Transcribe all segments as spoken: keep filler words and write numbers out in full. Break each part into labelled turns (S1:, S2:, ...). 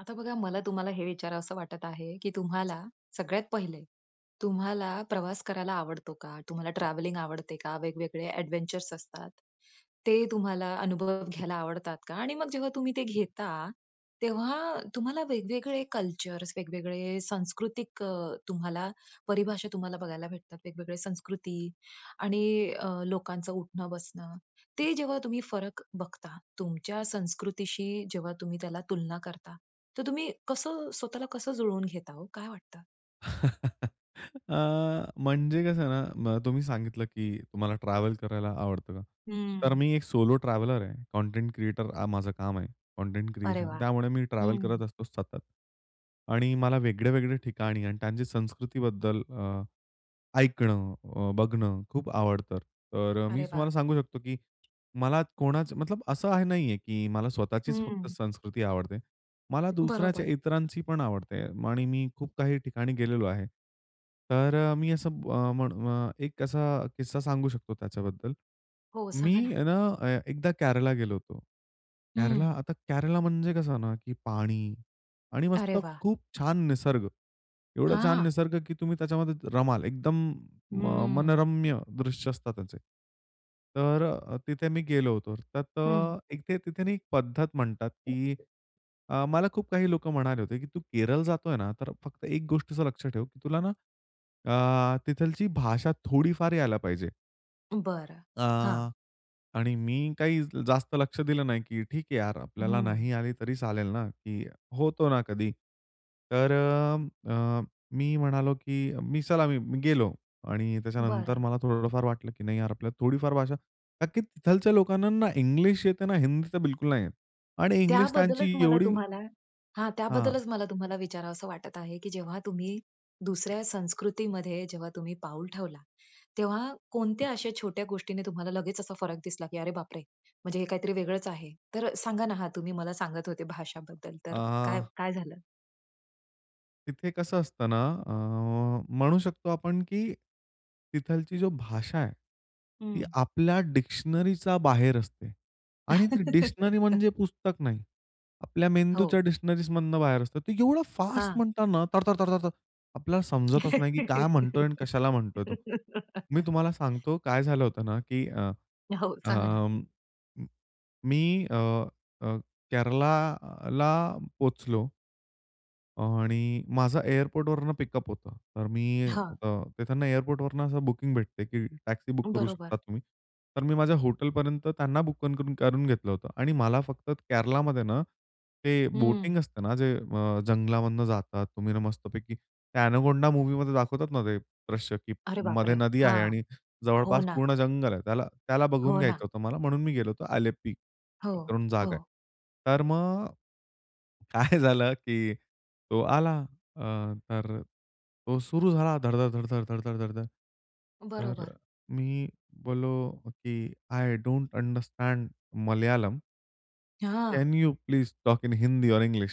S1: आता बघा, मला तुम्हाला हे विचारावसं वाटत आहे, की तुम्हाला सगळ्यात पहिले तुम्हाला प्रवास करायला आवडतो का? तुम्हाला ट्रॅव्हलिंग आवडते का? वेगवेगळे ॲडव्हेंचर असतात ते तुम्हाला अनुभव घ्यायला आवडतात का? आणि मग जेव्हा तुम्ही ते घेता, तेव्हा तुम्हाला वेगवेगळे कल्चर, वेगवेगळे सांस्कृतिक अ, तुम्हाला परिभाषा तुम्हाला बघायला भेटतात. वेगवेगळ्या संस्कृती आणि अ, लोकांचं उठणं-बसणं, ते जेव्हा तुम्ही फरक बघता तुमच्या संस्कृतीशी जेव्हा तुम्ही त्याला तुलना करता, तर तुम्ही कसं स्वतःला कसं जुळवून घेता हो? काय वाटतं?
S2: अ, म्हणजे कसं ना, म तुम्ही सांगितलं, की तुम्हाला ट्रॅव्हल करायला आवडतं का? तर
S1: हं.
S2: मी एक सोलो ट्रॅव्हलर आहे, कंटेंट क्रिएटर हा माझं काम आहे. कंटेंट
S1: अरे
S2: क्रिएशन.
S1: वाह!
S2: त्यामुळे मी ट्रॅव्हल
S1: हं.
S2: करत असतो सतत आणि मला वेगळे, वेगळे ठिकाणी आणि त्यांची संस्कृतीबद्दल अ, ऐकणं, अ, बघणं खूप आवडतं. तर अ, मी
S1: अरे वाह!
S2: तुम्हाला सांगू शकतो, की मला कोणाच मतलब असं हे नाहीये, की मला स्वतःचीच फक्त
S1: हं.
S2: संस्कृती आवडते. मला दुसऱ्याच्या
S1: बरोबर.
S2: इतरांची पण आवडते. आणि मी खूप काही ठिकाणी गेलेलो आहे. तर अ, मी असं अ, म्हणू अ, एक अ, असा किस्सा सांगू शकतो त्याच्याबद्दल.
S1: हो,
S2: मी
S1: सांगा ना.
S2: आहे ना, ए एकदा केरला गेलो होतो.
S1: हं.
S2: केरला, आता केरला म्हणजे कसं ना, की पाणी आणि
S1: अरे
S2: मस्त
S1: वाह!
S2: खूप छान निसर्ग, एवढं छान
S1: हां.
S2: निसर्ग, की तुम्ही त्याच्यामध्ये रमाल एकदम म अ,
S1: हम्म.
S2: मनरम्य दृश्य असतात त्याचे. तर अ, तिथे मी गेलो होतो. तर त
S1: हं.
S2: एक ते तिथे ना, पद्धत म्हणतात, की
S1: [unintelligible]
S2: अ, मला खूप काही लोकं म्हणाले होते, की "तू केरळ जातोय ना, तर फक्त एक गोष्टीच लक्षात ठेव तुला ना, अ, तिथलची भाषा थोडीफार यायला पाहिजे."
S1: बरं. हां.
S2: अ, आणि मी काही जास्त लक्ष दिलं नाही, की ठीक आहे यार. आपल्याला
S1: हं.
S2: नाही आली तरी चालेल ना, की होतो ना कधी. तर अ, अ, मी म्हणालो, की मी चला मी गेलो आणि त्याच्यानंतर
S1: बरं.
S2: मला थोडंफार वाटलं की नाही यार, आपल्याला थोडीफार भाषा कारण की तिथलच्या लोकांना ना, इंग्लिश येत ना हिंदी तर, बिलकुल नाही येत. आणि इंग्लिश
S1: त्याबद्दलच
S2: त्यांची
S1: मला
S2: एवढी
S1: तुम्हाला हां,
S2: हां.
S1: त्याबद्दलच मला तुम्हाला विचारावसं वाटत आहे, की जेव्हा तुम्ही दुसऱ्या संस्कृतीमध्ये जेव्हा तुम्ही पाऊल ठेवला, तेव्हा कोणत्या अशा छोट्या गोष्टीने तुम्हाला लगेच असा फरक दिसला की "अरे बापरे! म्हणजे हे काहीतरी वेगळंच आहे." तर सांगा ना, हां, तुम्ही मला सांगत होते भाषाबद्दल तर काय,
S2: अ.
S1: काय झालं?
S2: तिथे कसं असतं ना, अ, म्हणू शकतो आपण की तिथलची जी भाषा आहे ती
S1: हं.
S2: आपल्या डिक्शनरीच्या बाहेर असते. आणि ती डिक्शनरी म्हणजे पुस्तक नाही. आपल्या मेंदूच्या
S1: हो.
S2: डिक्शनरीमधनं बाहेर असतं. ते एवढं फास्ट
S1: हां.
S2: म्हणतात ना, थर, थर, थर, थर, थर. आपल्याला समजतच नाही की काय म्हणतोय आणि कशाला म्हणतोय तो? मी तुम्हाला सांगतो काय झालं होतं ना, की अ,
S1: हो, सांगा ना.
S2: अं, मी अ, अ, केरलाला पोहोचलो. आणि माझं एअरपोर्टवरनं पिकअप होतं. तर मी
S1: हां.
S2: तिकडनं एअरपोर्टवरनं असं बुकिंग भेटते की टॅक्सी बुक करू शकता
S1: बरोबर.
S2: तुम्ही. तर मी माझ्या हॉटेलपर्यंत त्यांना बु बुक करून घेतलं होतं आणि मला फक्त केरलामध्ये ना, ते बोटिंग
S1: हं.
S2: असते ना, जे अ, जंगलामधून जातात तुम्ही न मस्तपैकी. त्या एनाकोंडा मूव्हीमध्ये दाखवतात ना, ते दृश्य की
S1: अरे
S2: मध्ये
S1: बापरे!
S2: नदी आहे
S1: हां.
S2: आणि
S1: हो
S2: जवळपास
S1: ना.
S2: पूर्ण जंगल आहे. त्याला, त्याला बघून
S1: हो ना.
S2: घ्यायचं होतं मला. म्हणून मी गेलो होतो आलेप्पी
S1: हो,
S2: करून जागा आहे.
S1: हो.
S2: तर मग. काय झालं की तो आला. अ, तर तो सुरू झाला धड, धड, धड, धड, धड, धड, धड, धड. तर
S1: बरोबर.
S2: मी बोललो की आय डोंट अंडरस्टँड मल्याळम.
S1: हां.
S2: Can you please talk in Hindi or English?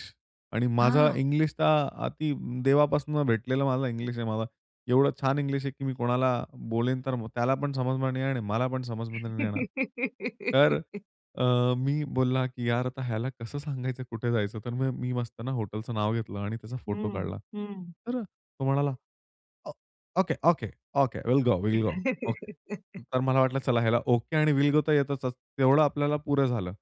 S2: आणि माझा
S1: हां.
S2: इंग्लिश तर अ, अति देवापासून भेटलेला माझा इंग्लिश आहे माझा. एवढं छान इंग्लिश आहे की मी कोणाला बोलेन तर त्याला पण समजणार नाही आणि मला पण समजमध्ये नाही येणार. तर अ, मी बोलला की यार आता ह्याला कसं सांगायचं कुठे जायचं तर मग मी मस्तना हॉटेलचं नाव घेतलं आणि त्याचा फोटो
S1: हं,
S2: काढला.
S1: हं.
S2: तर तो म्हणाला, "okay, okay, okay will go, will go okay." तर मला वाटलं, चला ह्याला ओके आणि विल गो तर येतच तेवढं आपल्याला पुरं झालं.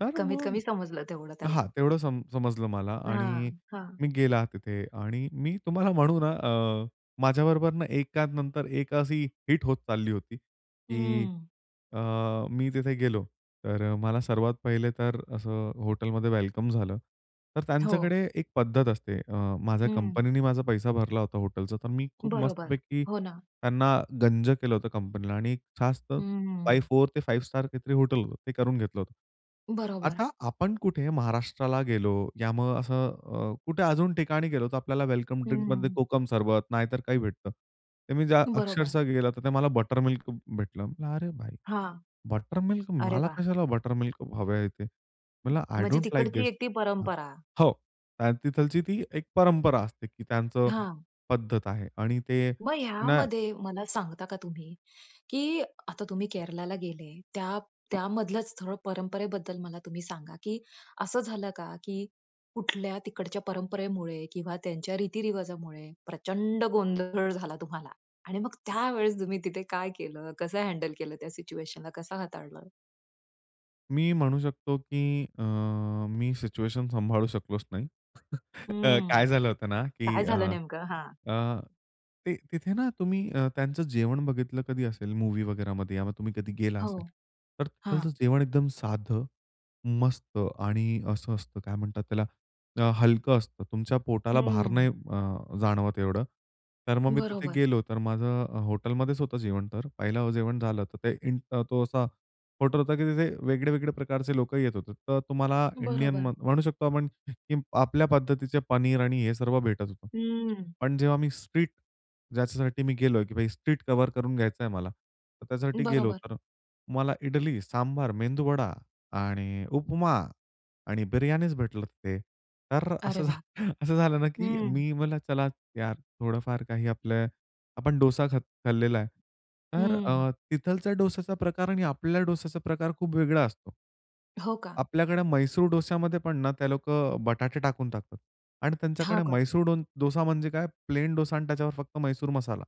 S2: तर
S1: कमीत
S2: मग
S1: कमी समजलं तेवढं त्याला.
S2: हां, तेवढं सम समजलं मला आणि
S1: हां, हां.
S2: मी गेला तिथे आणि मी तुम्हाला म्हणू ना अ, माझ्याबरोबर ना एकानंतर एक अशी हिट होत चालली होती, की
S1: हम्म.
S2: अ, मी तिथे गेलो तर मला सर्वात पहिले तर असं हॉटेलमध्ये वेलकम झालं. तर
S1: हो.
S2: त्यांच्याकडे एक पद्धत असते. अ, माझ्या
S1: हं.
S2: कंपनीनी माझा पैसा भरला होता हॉटेलचा. तर मी खूप
S1: बरोबर,
S2: मस्तपैकी
S1: हो ना.
S2: त्यांना गंज केलं होतं कंपनीला आणि एक जास्त फाइव्ह
S1: हं.
S2: फोर ते फाइव्ह स्टार काहीतरी हॉटेल होतं ते करून घेतलं होतं.
S1: बरोबर.
S2: आता आपण कुठे महाराष्ट्राला गेलो या मग असं अ, कुठे अजून ठिकाणी गेलो तर आपल्याला वेलकम ड्रिंकमध्ये
S1: हम्म.
S2: कोकम सरबत नाहीतर काही भेटतं. तर मी जा
S1: बरोबर.
S2: अक्षरशः गेलो तर ते मला बटर मिल्क भेटलं. अरे भाई
S1: हां,
S2: बटर मिल्क
S1: अरे
S2: मला
S1: वाह!
S2: कशाला बटर मिल्क हवंय ते? म्हणलं, "आय
S1: म्हणजे
S2: डोंट लाइक
S1: तिकडची
S2: दिस."
S1: एक ती परंपरा.
S2: हो, तिथलची ती एक परंपरा असते, की त्यांचं
S1: हां.
S2: पद्धत आहे आणि ते
S1: मग
S2: ना
S1: ह्यामध्ये मला सांगता का तुम्ही, की आता तुम्ही केरळला गेले त्या त्यामधलंच थोडं परंपरेबद्दल मला तुम्ही सांगा, की असं झालं का की कुठल्या तिकडच्या परंपरेमुळे किंवा त्यांच्या रीती रिवाजामुळे प्रचंड गोंधळ झाला तुम्हाला आणि मग त्यावेळेस तुम्ही तिथे काय केलं? कसं हँडल केलं त्या सिच्युएशनला? कसं हाताळलं?
S2: मी म्हणू शकतो, की अ, मी सिच्युएशन सांभाळू शकलोच नाही. अ,
S1: हं.
S2: काय झालं होतं ना, की
S1: काय
S2: अ,
S1: झालं नेमकं? हां.
S2: अ, ते तिथे ना तुम्ही अ, त्यांचं जेवण बघितलं कधी असेल मूव्हीवगैरामध्ये या तुम्ही कधी गेला
S1: हो,
S2: असेल, तर त्याचं
S1: हां.
S2: जेवण एकदम साधं, मस्त आणि असं असतं, काय म्हणतात त्याला, अ, हलकं असतं. तुमच्या पोटाला भार
S1: हं.
S2: नाही अ, जाणवत एवढं. तर मग मी तिथे
S1: बरोबर.
S2: गेलो, तर माझं हॉटेलमध्येच होतं जेवण तर. पहिलं जेवण झालं, तर ते इंट तो असा हॉटेल होता, की तिथे वेगळे-वेगळे प्रकारचे लोकं येत होते. तर तुम्हाला इंडियन
S1: बरोबर.
S2: म म्हणू शकतो आपण, की आपल्या पद्धतीचे पनीर आणि हे सर्व भेटत होतं.
S1: हं.
S2: पण जेव्हा मी स्ट्रीट ज्याच्यासाठी मी गेलोय, की स्ट्रीट कव्हर करून घ्यायचं आहे मला. तर त्याच्यासाठी गेलो
S1: बरोबर.
S2: तर मला इडली, सांबार, मेंदूवडा आणि उपमा आणि बिर्याणीच भेटलं तिथे, तर
S1: अरे
S2: असं
S1: वाह!
S2: असं झालं ना की
S1: हं.
S2: मी मला चला यार थोडंफार काही आपले आपण डोसा खात खाल्लेला आहे. तर
S1: हं.
S2: अ, तिथलच्या डोस्याचा प्रकार आणि आपल्या डोस्याचा प्रकार खूप वेगळा असतो.
S1: हो का?
S2: आपल्याकडे म्हैसूर डोस्यामध्ये पण ना ते लोकं बटाटे टाकून टाकतात आणि
S1: हां,
S2: त्यांच्याकडे
S1: का?
S2: म्हैसूर डो डोसा म्हणजे काय, प्लेन डोसा आणि त्याच्यावर फक्त म्हैसूर मसाला.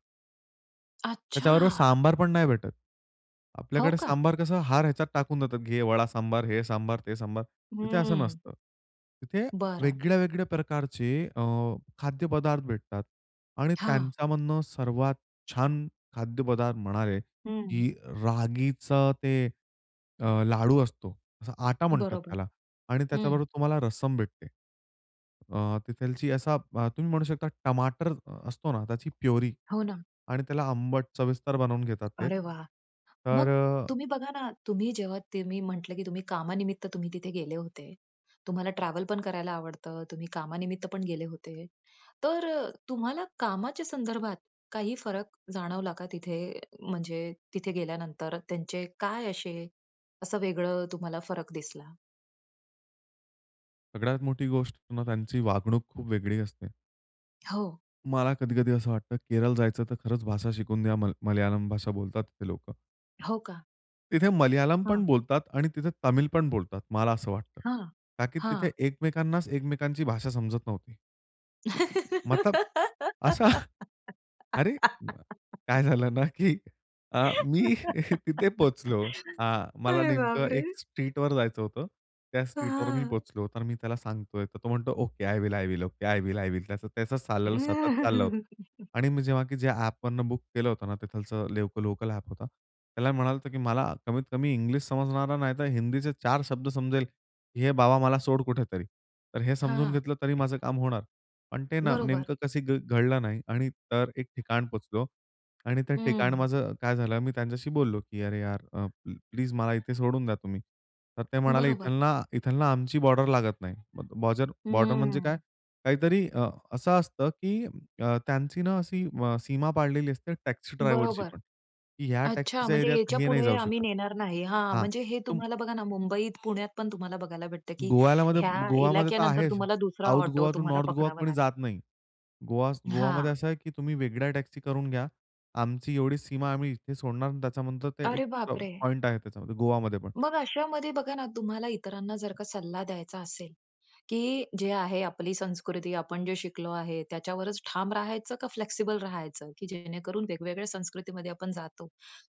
S2: त्याच्याबरोबर
S1: अच्छा!
S2: सांबार पण नाही भेटत.
S1: हो
S2: आपल्याकडे
S1: का.
S2: सांबार कसं हर ह्याच्यात टाकून देतात. घे वडा सांबार, हे सांबार, ते सांबार. तिथे असं
S1: हं.
S2: नसतं. तिथे
S1: बरं.
S2: वेगळ्या, वेगळ्या प्रकारचे अ, खाद्यपदार्थ भेटतात आणि
S1: हां.
S2: त्यांच्यामधुन सर्वात छान खाद्यपदार्थ म्हणाले,
S1: हं.
S2: की रागीचं ते अ, लाडू असतो. असा आटा म्हणतात
S1: बरोबर,
S2: त्याला आणि
S1: हं.
S2: त्याच्याबरोबर तुम्हाला रसम भेटते. अ, तिथलची असा अ, तुम्ही म्हणू शकता टमाटर असतो ना, त्याची प्युरी
S1: हो ना.
S2: आणि त्याला आंबट सविस्तर बनवून घेतात ते.
S1: अरे वाह!
S2: तर
S1: मग
S2: अ
S1: तुम्ही बघा ना तुम्ही जेव्हा तुम्ही म्हटलं, की तुम्ही कामानिमित्त तुम्ही तिथे गेले होते. तुम्हाला ट्रॅव्हल पण करायला आवडतं, तुम्ही कामानिमित्त पण गेले होते. तर अ, तुम्हाला कामाच्या संदर्भात काही फरक जाणवला का तिथे म्हणजे तिथे गेल्यानंतर त्यांचे काय असे असं वेगळं तुम्हाला फरक दिसला?
S2: सगळ्यात मोठी गोष्ट ना त्यांची वागणूक खूप वेगळी असते.
S1: हो.
S2: मला कधी-कधी असं वाटतं, केरळ जायचं तर खरंच भाषा शिकून द्या. म मल्याळम भाषा बोलतात ते लोकं.
S1: हो का.
S2: तिथे मल्याळम पण
S1: हां.
S2: बोलतात आणि तिथे तमिल पण बोलतात मला असं वाटतं.
S1: हां,
S2: का की तिथे
S1: हां.
S2: एकमेकांनाच एकमेकांची भाषा समजत नव्हती. मतलब असा? अरे! काय झालं ना, की अ, मी तिथे पोहोचलो. अ, मला
S1: अरे
S2: नेमकं
S1: बापरे!
S2: एक स्ट्रीटवर जायचं होतं. त्या स्ट्रीटवर मी
S1: हां.
S2: पोहोचलो. तर मी त्याला सांगतोय, तर तो म्हणतो, "okay I will, I will. Okay, I will, I will." त्याचं त्याचं चाललेलं सतत चाललं होतं आणि मी जेव्हा, की जे ॲपवरून बुक केलं होतं ना, तिथलचं लेवकल लोकल ॲप होता, त्याला म्हणालो होतो, की "मला कमीत कमी इंग्लिश समजणारा, नाहीतर हिंदीचे चार शब्द समजेल, घे बाबा मला सोड कुठेतरी. तर हे समजून
S1: हां.
S2: घेतलं तरी माझं काम होणार." पण ते न
S1: बरोबर.
S2: नेमकं कसं घ घडलं नाही आणि तर एक ठिकाण पोहोचलो आणि ते ठिकाण
S1: हं.
S2: माझं काय झालं, मी त्यांच्याशी बोललो, की "अरे यार अ, प्ली प्लीज मला इथे सोडून द्या तुम्ही." तर ते म्हणाले, "इथल
S1: बरोबर.
S2: ना इथल ना आमची बॉर्डर लागत नाही." मग बॉज़र बॉर्डर म्हणजे काय?
S1: हं.
S2: काहीतरी अ, असं असतं, की अ, त्यांची ना, असी म सीमा पाडलेली असते टॅक्सी ड्रायव्हरची
S1: बरोबर.
S2: पण, की ह्या
S1: अच्छा
S2: टॅक्सीच्या
S1: म्हणजे
S2: ऐरियात हे नाही
S1: याच्यापुढे
S2: जाऊ
S1: आम्ही
S2: शकत.
S1: नेणार नाही. हां,
S2: हां,
S1: म्हणजे हे
S2: तुम
S1: तुम्हाला बघा ना, मुंबईत, पुण्यात पण तुम्हाला बघायला भेटतं, की
S2: गोव्यालामध्ये
S1: ह्या
S2: गोवामध्ये तर
S1: इलाक्यानंतर
S2: आहेच,
S1: तुम्हाला दुसरा
S2: साउथ
S1: ऑटो
S2: गोवा टू
S1: तुम्हाला
S2: नॉर्थ गोवा
S1: पकडावा
S2: कोणी
S1: लागेल.
S2: जात नाही. गोवा गोवामध्ये
S1: हां.
S2: असं आहे, की तुम्ही वेगळ्या टॅक्सी करून घ्या. आमची एवढी सीमा आहे, आम्ही इथे सोडणार. त्याच्यानंतर ते एक
S1: अरे
S2: प
S1: बापरे!
S2: पॉइंट आहे, त्याच्यामध्ये गोवामध्ये पण.
S1: मग अशामध्ये बघा ना, तुम्हाला इतरांना जर का सल्ला द्यायचा असेल, की जे आहे आपली संस्कृती, आपण जे शिकलो आहे त्याच्यावरच ठाम राहायचं का, फ्लेक्सिबल राहायचं, की जेणेकरून वेगवेगळ्या संस्कृतीमध्ये आपण जातो,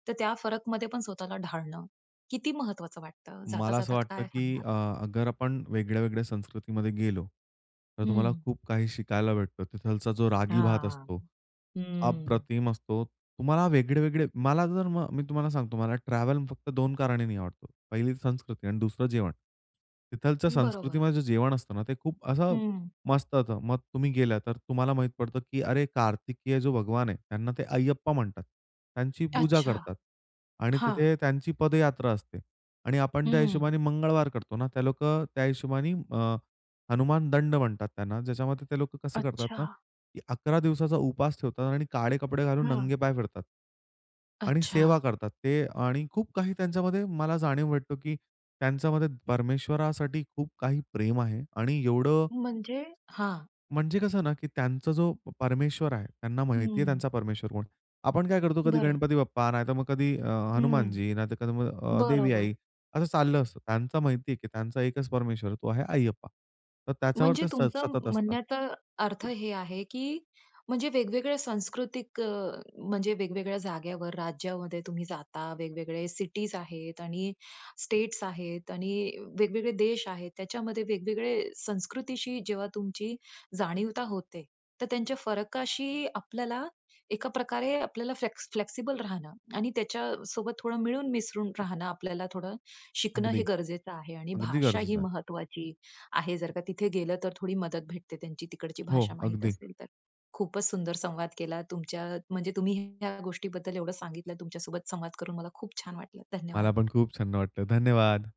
S1: तर त्या फरकमध्ये पण स्वतःला ढाळणं, किती महत्वाचं वाटतं? जाता
S2: मला असं
S1: जाता
S2: वाटतं,
S1: काय
S2: की
S1: सांगणार?
S2: अ, अगर आपण वेगळ्या-वेगळ्या संस्कृतीमध्ये गेलो, तर तुम्हाला
S1: हं.
S2: खूप काही शिकायला भेटतं. तिथलचा जो रागी भात
S1: हां,
S2: असतो,
S1: हं.
S2: अप्रतिम असतो. तुम्हाला वेगळे-वेगळे मला जर मग मी तुम्हाला सांगतो, मला ट्रॅव्हल फक्त दोन कारणानी आवडतो. पहिली संस्कृती आणि दुसरं जेवण. तिथलचं
S1: बरोबर.
S2: संस्कृतीमध्ये जे जेवण असतं ना, ते खूप असं
S1: हं.
S2: मस्त होतं. मग तुम्ही गेलात, तर तुम्हाला माहीत पडतं, की अरे कार्तिकेय जो भगवान आहे, त्यांना ते अय्यप्पा म्हणतात. त्यांची पूजा
S1: अच्छा,
S2: करतात आणि
S1: हां.
S2: तिथे त्यांची पदयात्रा असते. आणि आपण त्या
S1: हं.
S2: हिशोबाने मंगळवार करतो ना. ते लोकं त्या हिशोबानी अ, हनुमान दंड म्हणतात त्यांना, ज्याच्यामध्ये ते लोकं कसं करतात ना,
S1: अच्छा.
S2: की अकरा दिवसाचा उपास ठेवतात आणि काळे कपडे घालून
S1: हां.
S2: नंगे पाय फिरतात आणि
S1: अच्छा.
S2: सेवा करतात ते आणि खूप काही त्यांच्यामध्ये मला जाणीव भेटतो, की त्यांच्यामध्ये परमेश्वरासाठी खूप काही प्रेम आहे आणि एवढं
S1: म्हणजे? हां.
S2: म्हणजे कसं ना, की त्यांचा जो प परमेश्वर आहे, त्यांना माहिती आहे
S1: हं.
S2: त्यांचा परमेश्वर कोण आहे? आपण काय करतो, कधी
S1: बरं.
S2: गणपती बाप्पा, नाहीतर मग कधी अ,
S1: हं,
S2: हनुमानजी, नाहीतर कधी मग अ, देवी आई,
S1: बरोबर.
S2: असं चाललं असतं. त्यांचं माहिती आहे, की त्यांचा एकच परमेश्वर आहे, तो आहे अय्यप्पा. तर त्याच्यावर
S1: म्हणजे
S2: ते स
S1: तुमचं
S2: सतत असतात.
S1: म्हणण्याचा अर्थ हे आहे, की म्हणजे वेगवेगळ्या सांस्कृतिक अ, म्हणजे वेगवेगळ्या जाग्यावर, राज्यामध्ये तुम्ही जाता, वेगवेगळे सिटीज आहेत आणि स्टेट्स आहेत आणि वेगवेगळे देश आहेत. त्याच्यामध्ये वेगवेगळे संस्कृतीशी जेव्हा तुमची जाणीवता होते, तर त्यांच्या फरकाशी आपल्याला एका प्रकारे आपल्याला फ्लॅक्स फ्लेक्सिबल राहणं आणि त्याच्यासोबत थोडं मिळून मिसळून राहणं, आपल्याला थोडं शिकणं हे
S2: अगदी,
S1: गरजेचं आहे आणि
S2: अगदी
S1: भाषा ही
S2: गरजेचं आहे.
S1: महत्वाची आहे. जर का तिथे गेलं, तर थोडी मदत भेटते त्यांची तिकडची
S2: हो,
S1: भाषा माहीत
S2: अगदी.
S1: असेल तर. खूपच सुंदर संवाद केला तुमच्या म्हणजे तुम्ही ह्या गोष्टीबद्दल एवढं सांगितलं, तुमच्या सोबत संवाद करून मला खूप छान वाटलं.
S2: मला
S1: धन्यवाद.
S2: पण खूप छान्य वाटलं, धन्यवाद.